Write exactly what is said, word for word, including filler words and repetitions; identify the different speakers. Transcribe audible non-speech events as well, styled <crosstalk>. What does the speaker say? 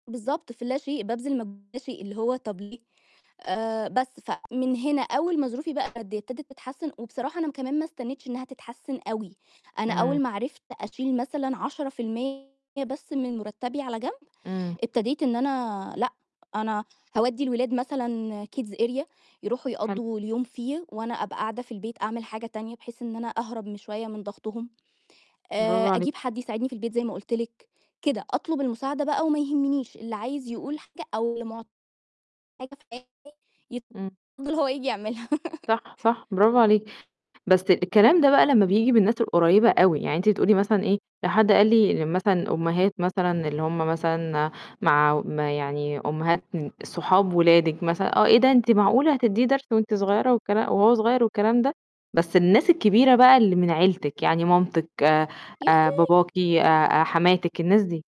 Speaker 1: بالضبط، في اللا شئ، بابذل مجهود فى اللا شئ، اللي هو طب ليه؟ آآ بس فمن هنا أول ما ظروفي بقى ابتدِت تتحسن وبصراحة أنا م كمان ما استنيتش إنها تتحسن أوي، أنا أول
Speaker 2: إمم.
Speaker 1: ما عرفت أشيل مثلًا عشرة فى المِيّة بس من مُرتبي على جنب،
Speaker 2: إمم.
Speaker 1: ابتديت إن أنا لأ أنا هاودّي الولاد مثلًا kids area يروحوا
Speaker 2: حلو.
Speaker 1: يقضّوا اليوم فيه وأنا أبقى قاعدة في البيت أعمل حاجة تانية بحيث إن أنا أهرب م شوية من ضغطهم. آآ
Speaker 2: برافو عليكِ.
Speaker 1: أجيب حد يساعدني في البيت زي ما قُلت لِك، كده، أطلب المساعدة بقى وما يهمنيش، اللي عايز يقول حاجة أو اللي مع <unintelligible>
Speaker 2: إمم.
Speaker 1: يتفضّل هو ييجي يعملها. <laughs>
Speaker 2: صح، صح، برافو عليكِ. بس الكلام ده بقى لمّا بييجي من الناس القريبة أوي، يعني أنتِ بتقولي مثلًا إيه، لو حد قال لي إن مثلًا أمهات مثلًا اللي هُم مثلًا مع ما يعني أمهات صحاب ولادِك مثلًا، آه، إيه ده، أنتِ معقولة هتديه درس وأنتِ صغيرة والكلا وهو صغير والكلام ده؟ بس الناس الكبيرة بقى اللي من عيلتِك يعني مامتِك،
Speaker 1: يا
Speaker 2: آآ
Speaker 1: ختاي!
Speaker 2: باباكِ، آآ آآ حماتِك، الناس دي.